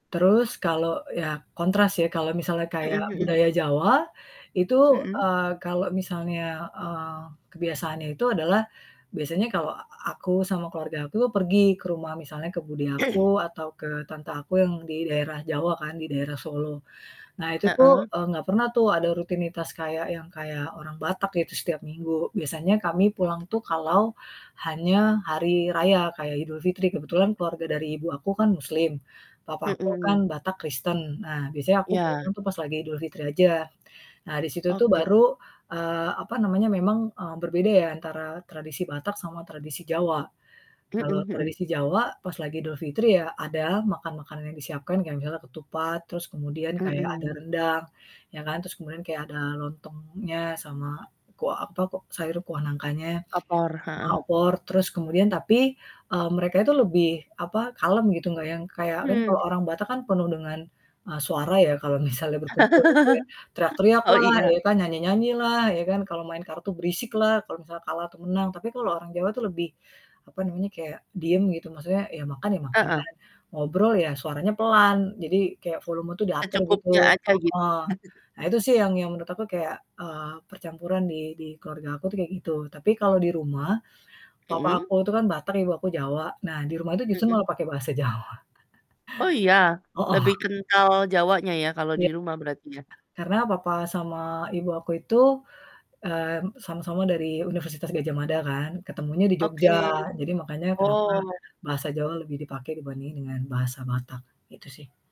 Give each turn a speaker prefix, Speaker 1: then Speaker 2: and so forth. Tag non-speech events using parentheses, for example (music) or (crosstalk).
Speaker 1: Terus kalau ya kontras ya, kalau misalnya kayak
Speaker 2: Mhm mhm.
Speaker 1: budaya Jawa, itu,
Speaker 2: Mhm.
Speaker 1: eee, kalau misalnya, eee, kebiasaannya itu adalah, biasanya kalau a a aku sama keluarga aku tuh pergi ke rumah misalnya ke bude aku,
Speaker 2: (clears throat)
Speaker 1: atau ke tante aku yang di daerah Jawa kan, di daerah Solo. Nah itu tuh,
Speaker 2: Heeh.
Speaker 1: eee, nggak pernah tuh ada rutinitas kayak yang kayak orang Batak gitu setiap minggu. Biasanya kami pulang tuh kalau hanya hari raya kayak Idul Fitri, kebetulan keluarga dari ibu aku kan muslim, papa aku kan
Speaker 2: Mhm.
Speaker 1: Batak Kristen. Nah biasanya aku
Speaker 2: Iya.
Speaker 1: pulangnya tuh pas lagi Idul Fitri aja. Nah di situ tuh
Speaker 2: Oke.
Speaker 1: baru, eee, apa namanya, memang, eee, berbeda ya antara tradisi Batak sama tradisi Jawa.
Speaker 2: Mhm
Speaker 1: Kalau
Speaker 2: mhm.
Speaker 1: tradisi Jawa pas lagi Idul Fitri ya ada makan-makanan yang disiapkan, kayak misalnya ketupat, terus kemudian kayak ada
Speaker 2: Mhm.
Speaker 1: rendang ya kan. Terus kemudian kayak ada lontongnya sama kuah apa kok sayur kuah nangkanya, kuah
Speaker 2: Opor?
Speaker 1: sama
Speaker 2: Heeh.
Speaker 1: opor, terus kemudian tapi, eee, mereka itu lebih apa, kalem gitu nggak yang kayak kan kalau
Speaker 2: Mhm.
Speaker 1: orang Batak kan penuh dengan, eee, suara ya, kalau misalnya berkumpul gitu ya,
Speaker 2: (laughs)
Speaker 1: teriak-teriak
Speaker 2: Oh
Speaker 1: lah,
Speaker 2: iya.
Speaker 1: ya kan, nyanyi-nyanyi lah ya kan, kalau main kartu berisik lah kalau misalnya kalah atau menang. Tapi kalau orang Jawa itu lebih, apa namanya, kayak diem gitu maksudnya, ya makan ya makan,
Speaker 2: Heeh.
Speaker 1: ngobrol ya suaranya pelan, jadi kayak volume tuh diatur gitu.
Speaker 2: Secukupnya aja gitu.
Speaker 1: Heeh.
Speaker 2: (chuckles)
Speaker 1: Nah itu sih yang yang menurut aku kayak, eee, percampuran di di keluarga aku tuh kayak gitu. Tapi kalau di rumah, papa
Speaker 2: Mhm.
Speaker 1: aku itu kan Batak, ibu aku Jawa, nah di rumah itu justru
Speaker 2: Mhm.
Speaker 1: pake bahasa Jawa.
Speaker 2: Oh iya,
Speaker 1: (chuckles)
Speaker 2: lebih
Speaker 1: Hooh.
Speaker 2: kental Jawanya ya, kalau di
Speaker 1: Iya.
Speaker 2: rumah berarti ya?
Speaker 1: Karena papa sama ibu aku itu, mmm, sama-sama dari Universitas Gadjah Mada kan, ketemunya di Jogja.
Speaker 2: Oke,
Speaker 1: Jadi makanya kenapa,
Speaker 2: oh.
Speaker 1: bahasa Jawa lebih dipakai dibanding dengan bahasa Batak, itu sih.